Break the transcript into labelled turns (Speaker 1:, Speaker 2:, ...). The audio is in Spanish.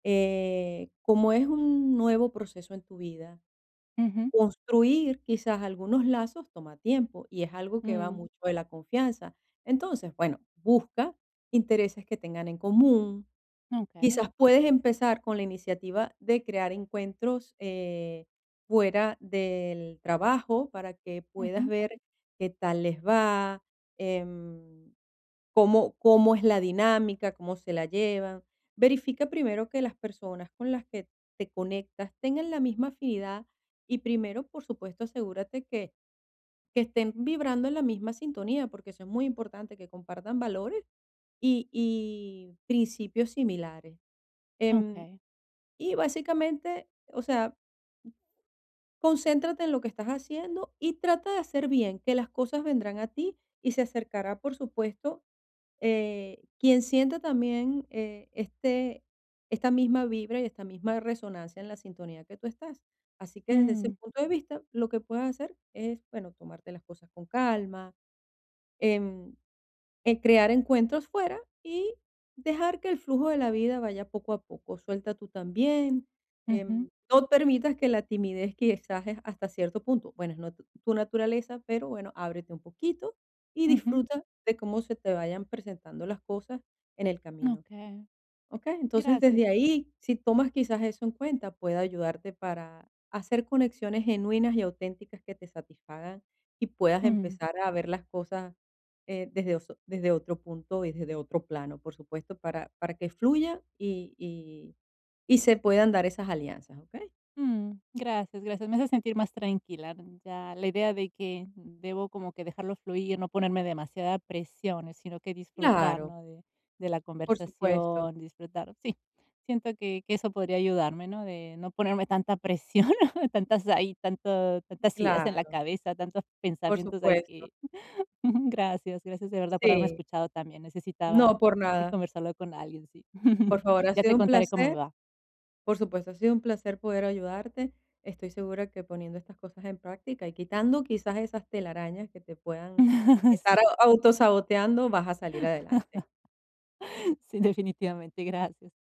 Speaker 1: Eh, como es un nuevo proceso en tu vida,
Speaker 2: Ujú.
Speaker 1: construir quizás algunos lazos toma tiempo y es algo que va
Speaker 2: Mm.
Speaker 1: mucho de la confianza. Entonces, bueno, busca intereses que tengan en común.
Speaker 2: Okey.
Speaker 1: Quizás puedes empezar con la iniciativa de crear encuentros, eh, fuera del trabajo para que puedas
Speaker 2: Ujú.
Speaker 1: ver qué tal les va, em, cómo cómo es la dinámica, cómo se la llevan. Verifica primero que las personas con las que te conectas tengan la misma afinidad y primero, por supuesto, asegúrate que que estén vibrando en la misma sintonía, porque eso es muy importante, que compartan valores y y principios similares. Em,
Speaker 2: Okey.
Speaker 1: y básicamente, o sea concéntrate en lo que estás haciendo y trata de hacer bien. Que las cosas vendrán a ti y se acercará, por supuesto, eh, quien sienta también, eh, este esta misma vibra y esta misma resonancia en la sintonía que tú estás. Así que, desde ese
Speaker 2: Mm.
Speaker 1: punto de vista, lo que puedes hacer es, bueno, tomarte las cosas con calma, em, eh, crear encuentros fuera y dejar que el flujo de la vida vaya poco a poco. Suelta tú también.
Speaker 2: Ujú.
Speaker 1: Em, no permitas que la timidez, quizá es hasta cierto punto, bueno, es no tu tu naturaleza, pero bueno, ábrete un poquito y
Speaker 2: Ujú.
Speaker 1: disfruta de cómo se te vayan presentando las cosas en el camino,
Speaker 2: Okey.
Speaker 1: ¿okey? Entonces,
Speaker 2: Gracias.
Speaker 1: desde ahí, si tomas quizás eso en cuenta, puede ayudarte para hacer conexiones genuinas y auténticas que te satisfagan y puedas
Speaker 2: Mm.
Speaker 1: empezar a ver las cosas, eh, desde oso desde otro punto y desde otro plano, por supuesto, para para que fluya y y y se puedan dar esas alianzas, ¿okey?
Speaker 2: Mm. Gracias, gracias, me haces sentir más tranquila, mm. Ya, la idea de que debo como que dejarlo fluir, no ponerme demasiada presiones, sino que disfrutar,
Speaker 1: Claro.
Speaker 2: ¿no?, de de la
Speaker 1: Por supuesto.
Speaker 2: conversación, disfrutar Sí, siento que que eso podría ayudarme, ¿no?, de no ponerme tanta presión, tantas, ahí, tanto tantas ideas en la
Speaker 1: Claro.
Speaker 2: cabeza, tantos
Speaker 1: Por
Speaker 2: pensamientos ahí
Speaker 1: supuesto.
Speaker 2: que Ujú, gracias, gracias, de verdad, por haberme
Speaker 1: Sí.
Speaker 2: escuchado también. Necesitaba,
Speaker 1: No, por
Speaker 2: eh,
Speaker 1: nada.
Speaker 2: conversarlo con alguien, sí.
Speaker 1: Por favor, ha
Speaker 2: Ya
Speaker 1: sido
Speaker 2: te
Speaker 1: un
Speaker 2: contaré cómo me
Speaker 1: placer
Speaker 2: va.
Speaker 1: por supuesto, ha sido un placer poder ayudarte. Estoy segura que poniendo estas cosas en práctica y quitando quizás esas telarañas que te puedan
Speaker 2: Sí.
Speaker 1: estar au autosaboteando, vas a salir adelante.
Speaker 2: Sí, definitivamente. Gracias.